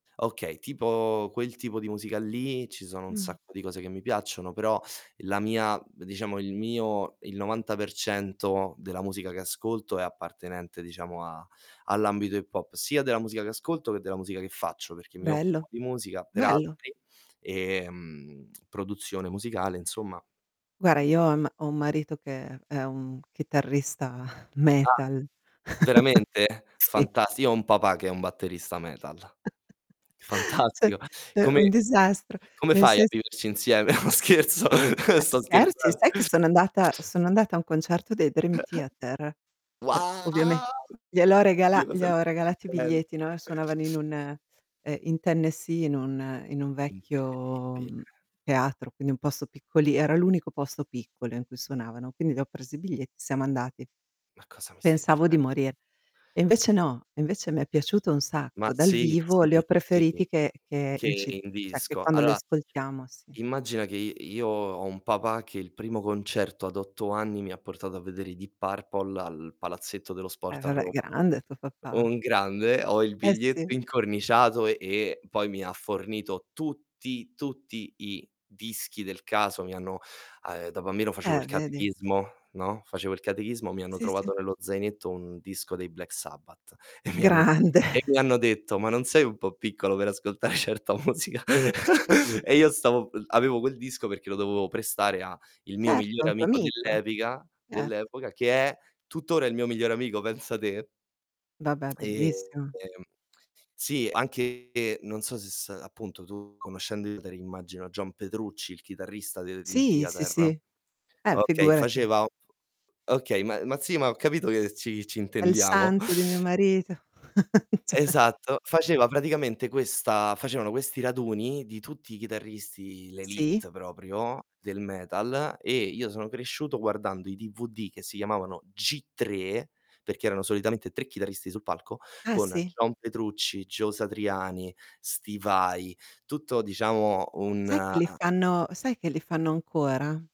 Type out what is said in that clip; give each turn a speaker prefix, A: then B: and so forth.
A: Okay, tipo quel tipo di musica lì ci sono un
B: Mh.
A: sacco di cose che mi piacciono, però la mia diciamo il mio il 90% della musica che ascolto è appartenente, diciamo, a all'ambito hip hop, sia della musica che ascolto che della musica che faccio, perché mi
B: Bello,
A: occupo di musica per
B: bello.
A: altri, ehm, produzione musicale, insomma
B: Guarda,
A: di
B: io ho un m ho un marito che è un chitarrista
A: Ah,
B: metal.
A: veramente?
B: Sì.
A: Fantas io ho un papà che è un batterista metal.
B: Cioè,
A: Fantastico.
B: è un
A: Come
B: disastro,
A: come
B: nel
A: fai a
B: sens
A: viverci insieme? No, scherzo,
B: Ma
A: sto
B: scherzi?
A: scherzan
B: Sai che sono andata sono andata a un concerto dei Dream Theater. Per ovviame
A: Wow!
B: gliel'ho regala
A: Dio,
B: gli
A: cosa mi
B: ho
A: stai dicen
B: regalati i biglietti, no, suonavano in un ehm, in Tennessee, in un in un vecchio,
A: Incredibile.
B: mhmm, teatro, quindi un posto piccoli era l'unico posto piccolo in cui suonavano, quindi gli ho presi i biglietti, siamo andati.
A: Ma cosa mi stai
B: Pensavo di
A: dicen
B: morir, e invece no, e invece mi è piaciuto un
A: Ma
B: sacco. Dal
A: sì,
B: vivo
A: sì,
B: li ho
A: sì,
B: preferiti che che in ci
A: che in
B: cioè, che
A: disco.
B: quando li
A: Allora,
B: ascoltiamo sì.
A: immagina che i io ho un papà che il primo concerto ad 8 anni mi ha portato a vedere i Deep Purple al Palazzetto dello
B: Eh,
A: Sport a
B: vabbè,
A: Roma.
B: grande tuo papà.
A: Un grande, ho il
B: Eh, sì.
A: biglietto incorniciato e poi mi ha fornito tutti, tutti i dischi del caso. Mi hanno uhm, da bambino facevo
B: Eh,
A: il
B: vedi.
A: catechismo, no, facevo il catechismo, mi hanno
B: Sì, sì.
A: trovato nello zainetto un disco dei Black Sabbath e mi hanno
B: Grande.
A: e mi hanno detto: "Ma non sei un po' piccolo per ascoltare certa musica?" E io stavo avevo quel disco perché lo dovevo prestare a il mio
B: Certo, a
A: migliore
B: un tuo
A: amico
B: amico.
A: dell'epica
B: Cert
A: dell'epoca, che è tuttora il mio migliore amico, pensa te.
B: Vabbè,
A: Ehm,
B: bellissimo.
A: sì, anche non so se s appunto, tu conoscendo [unintelligible] immagino John Petrucci, il chitarrista dei Dream
B: Sì, sì,
A: Theater.
B: sì. Eh,
A: Okay,
B: figurati.
A: faceva f okay, ma ma sì, ma ho capito che ci ci
B: Quel
A: intendiamo.
B: santo di mio marito. cioè
A: Esatto, faceva praticamente questa facevano questi raduni di tutti i chitarristi,
B: Sì.
A: l'élite proprio del metal, e io sono cresciuto guardando i DVD che si chiamavano G3, perché erano solitamente 3 chitarristi sul palco,
B: Ah,
A: con
B: sì.
A: John Petrucci, Joe Satriani, Steve Vai, tutto diciamo
B: Sai
A: un
B: che li fanno sai che li fanno ancora?